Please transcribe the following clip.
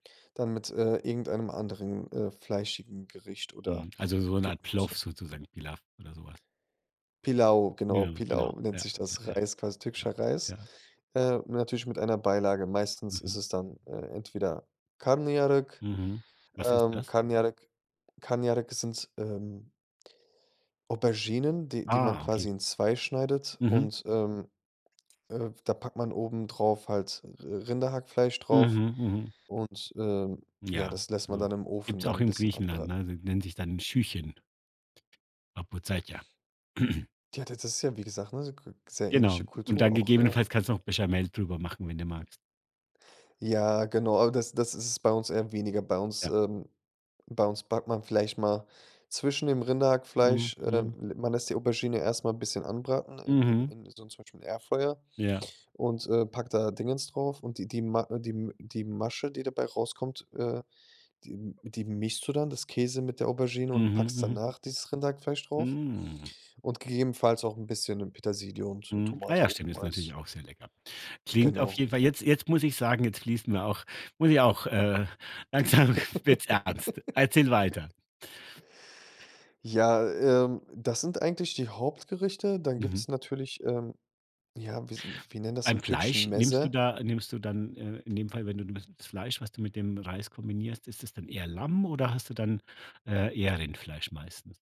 Dann mit, äh, irgendeinem anderen, äh, fleischigen Gericht oder Mhm, also, so 'ne Art Gemüse. Plov sozusagen, Pilaw oder so was. Pilaw, genau, Ja, genau. Pilaw nennt Ja, sich ja, das. ja. Reis, quasi Ja, türkischer Reis, ja. äh, natürlich mit einer Beilage. Meistens ist Mhm. es dann, äh, entweder Karnıyarık. Mhm, was ist Ähm, das? Karnıyarık Karnıyarık sind, ähm Auberginen, die die man Ah, okay. quasi in 2 schneidet. Mhm. Und, ähm, äh, da packt man obendrauf halt Ri Rinderhackfleisch drauf. Mhm, mhm. Und, ähm, ja, Ja, das lässt man so. dann im Ofen Gibt's dann auch 'n in bisschen Griechenland, anbrennen. ne? Das nennt sich dann 'n Schühchen. Papoutsákia. Ja, da das ist ja, wie gesagt, ne, ku sehr Genau. ähnliche Und Kultur dann auch, ja. gegebenenfalls kannst du noch Béchamel drüber machen, wenn du magst. Ja, genau, aber das das ist es bei uns eher weniger. Bei uns, Ja. ähm bei uns backt man vielleicht mal zwischen dem Mhm, Rinderhackfleisch, ähm mhm. man lässt die Aubergine erst mal 'n bisschen anbraten in Mhm. in in so 'nem zum Beispiel Airfryer Ja. und, äh, packt da Dings drauf. Und die die Ma äh, die M die Masche, die dabei rauskommt, äh, die m die mischst du dann, das Käse mit der Aubergine und Mhm, packst mhm. danach dieses Rinderhackfleisch drauf Mm. und gegebenenfalls auch 'n bisschen Petersilie und, äh, Mhm, ah Tomate ja, stimmt, oben ist als natürlich auch sehr lecker. Klingt auf Genau. jeden Fall jetzt jetzt muss ich sagen, jetzt fließen mir auch muss ich auch, äh langsam wird's ernst. Erzähl weiter. Ja, ähm, das sind eigentlich die Hauptgerichte. Dann Mhm. gibt's natürlich, ähm ja, wi wir nennen das Beim im Fleisch, türkischen nimmst du Meze. da nimmst du dann, äh in dem Fall, wenn du das Fleisch, was du mit dem Reis kombinierst, ist es dann eher Lamm oder hast du dann, äh, eher Rindfleisch meistens?